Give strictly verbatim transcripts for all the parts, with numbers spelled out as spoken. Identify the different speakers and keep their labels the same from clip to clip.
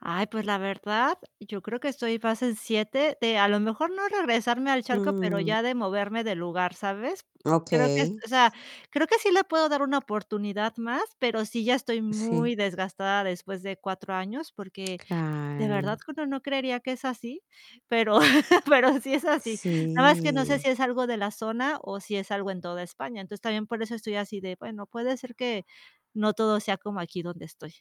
Speaker 1: Ay, pues la verdad, yo creo que estoy fase siete de a lo mejor, no regresarme al charco, pero
Speaker 2: Mm.
Speaker 1: ya de moverme de lugar, ¿sabes? Creo que es
Speaker 2: Okey.
Speaker 1: o sea, creo que sí le puedo dar una oportunidad más, pero sí, ya estoy muy
Speaker 2: Sí.
Speaker 1: desgastada después de cuatro años, porque, de verdad
Speaker 2: Claro.
Speaker 1: que uno no creería que es así, pero pero sí es así. Nada más, que no sé
Speaker 2: Sí.
Speaker 1: si es algo de la zona o si es algo en toda España. Entonces, también por eso estoy así de: "Bueno, puede ser que, no todo sea como aquí donde estoy".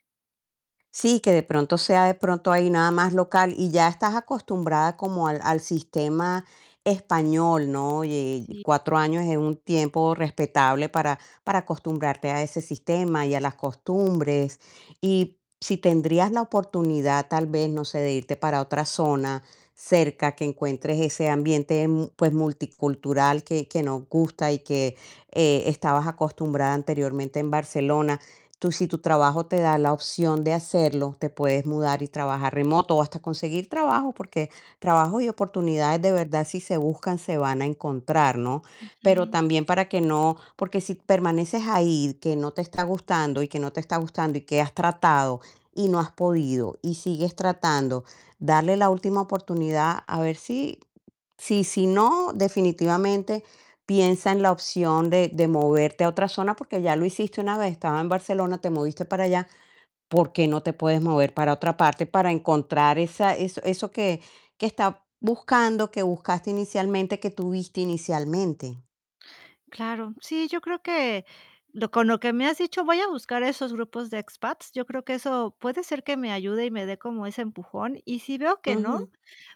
Speaker 2: Sí, que de pronto sea de pronto ahí nada más local y ya estás acostumbrada como al al sistema español, ¿no? Y,
Speaker 1: Sí.
Speaker 2: cuatro años es un tiempo respetable para para acostumbrarte a ese sistema y a las costumbres. Y, si tendrías la oportunidad, tal vez, no sé, de irte para otra zona cerca, que encuentres ese ambiente, mu pues multicultural que que nos gusta y que, eh, estabas acostumbrada anteriormente en Barcelona. Tú si tu trabajo te da la opción de hacerlo, te puedes mudar y trabajar remoto o hasta conseguir trabajo, porque trabajo y oportunidades de verdad, si se buscan, se van a encontrar, ¿no? Pero
Speaker 1: Ujú.
Speaker 2: también para que no Porque si permaneces ahí, que no te está gustando y que no te está gustando y que has tratado y no has podido y sigues tratando, darle la última oportunidad, a ver si Sí, si no, definitivamente piensa en la opción de de moverte a otra zona, porque ya lo hiciste una vez, estabas en Barcelona, te moviste para allá, ¿por qué no te puedes mover para otra parte para encontrar esa eso, eso que que estás buscando, que buscaste inicialmente, que tuviste inicialmente?
Speaker 1: Claro, sí, yo creo que lo con lo que me has dicho, voy a buscar esos grupos de expats. Yo creo que eso, puede ser que me ayude y me dé como ese empujón. Y si veo que no,
Speaker 2: Ujú.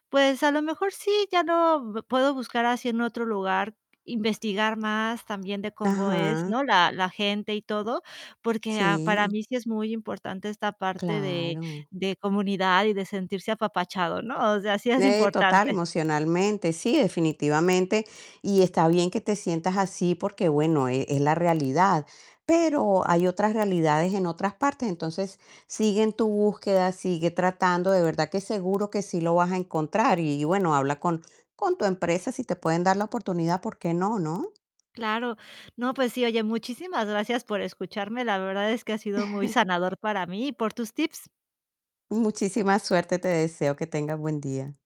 Speaker 1: pues a lo mejor sí, ya lo puedo buscar así en otro lugar, investigar más también de cómo es,
Speaker 2: Ajá.
Speaker 1: ¿no? La la gente y todo, porque a para
Speaker 2: Sí.
Speaker 1: mí sí es muy importante esta parte de
Speaker 2: Claro.
Speaker 1: de comunidad y de sentirse apapachado, ¿no? O sea, sí es
Speaker 2: Eh, total,
Speaker 1: importante.
Speaker 2: emocionalmente, sí, definitivamente. Y está bien que te sientas así, porque, bueno, e es la realidad. Pero hay otras realidades en otras partes. Entonces, sigue en tu búsqueda, sigue tratando, de verdad que seguro que sí lo vas a encontrar. Y bueno, habla con con tu empresa si te pueden dar la oportunidad, ¿por qué no, no?
Speaker 1: Claro. No, pues sí, oye, muchísimas gracias por escucharme. La verdad es que ha sido muy sanador para mí y por tus tips.
Speaker 2: Muchísima suerte te deseo, que tengas buen día.